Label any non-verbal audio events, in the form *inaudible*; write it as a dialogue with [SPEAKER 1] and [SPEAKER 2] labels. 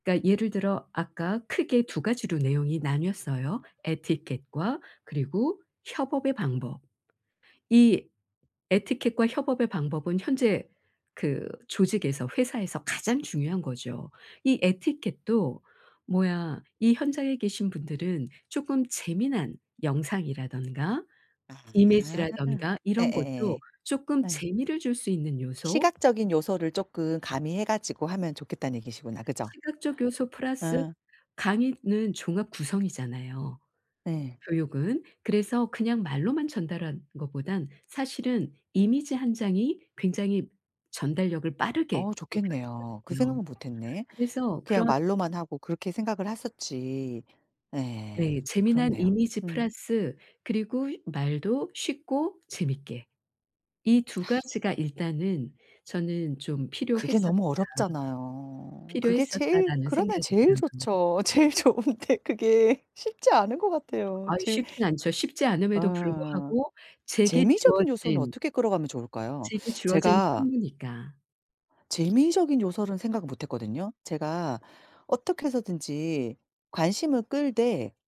[SPEAKER 1] 그러니까 예를 들어 아까 크게 2 가지로 내용이 나뉘었어요. 에티켓과 그리고 협업의 방법. 이 에티켓과 협업의 방법은 현재 그 조직에서 회사에서 가장 중요한 거죠. 이 에티켓도 뭐야 이 현장에 계신 분들은 조금 재미난 영상이라든가
[SPEAKER 2] 아.
[SPEAKER 1] 이미지라든가 이런 것도
[SPEAKER 2] 예예예.
[SPEAKER 1] 쪼끔
[SPEAKER 2] 네.
[SPEAKER 1] 재미를 줄 수 있는 요소
[SPEAKER 2] 시각적인 요소를 조금 가미해 가지고 하면 좋겠다는 얘기시구나. 그죠?
[SPEAKER 1] 시각적 요소 플러스
[SPEAKER 2] 어.
[SPEAKER 1] 강의는 종합 구성이잖아요,
[SPEAKER 2] 네.
[SPEAKER 1] 교육은. 그래서 그냥 말로만 전달하는 것보단 사실은 이미지 1 장이 굉장히 전달력을 빠르게
[SPEAKER 2] 어우 좋겠네요. 그
[SPEAKER 1] 높여주거든요.
[SPEAKER 2] 생각은 못했네.
[SPEAKER 1] 그래서
[SPEAKER 2] 그냥
[SPEAKER 1] 그런
[SPEAKER 2] 말로만 하고 그렇게 생각을 했었지. 네.
[SPEAKER 1] 네. 재미난
[SPEAKER 2] 그렇네요.
[SPEAKER 1] 이미지
[SPEAKER 2] 음.
[SPEAKER 1] 플러스 그리고 휴 말도 쉽고 재밌게. 이 2
[SPEAKER 2] *exhales*
[SPEAKER 1] 가지가 일단은 저는 좀
[SPEAKER 2] 그게
[SPEAKER 1] 필요했었다,
[SPEAKER 2] 너무 어렵잖아요. 그게 제일
[SPEAKER 1] 필요했었다라는
[SPEAKER 2] 그러면
[SPEAKER 1] 생각이
[SPEAKER 2] 제일
[SPEAKER 1] 들어요.
[SPEAKER 2] 좋죠. 제일 좋은데 그게 쉽지 않은 것 같아요.
[SPEAKER 1] 아유.
[SPEAKER 2] 지금
[SPEAKER 1] 쉽진 않죠. 쉽지 않음에도
[SPEAKER 2] 어.
[SPEAKER 1] 불구하고 제게
[SPEAKER 2] 재미적인 요소는
[SPEAKER 1] 주어진
[SPEAKER 2] 어떻게 끌어가면 좋을까요?
[SPEAKER 1] 제게
[SPEAKER 2] *sucks teeth*
[SPEAKER 1] 주어진
[SPEAKER 2] 제가
[SPEAKER 1] 책무니까.
[SPEAKER 2] 재미적인 요소는 생각 못했거든요. 제가 어떻게 해서든지 관심을 끌되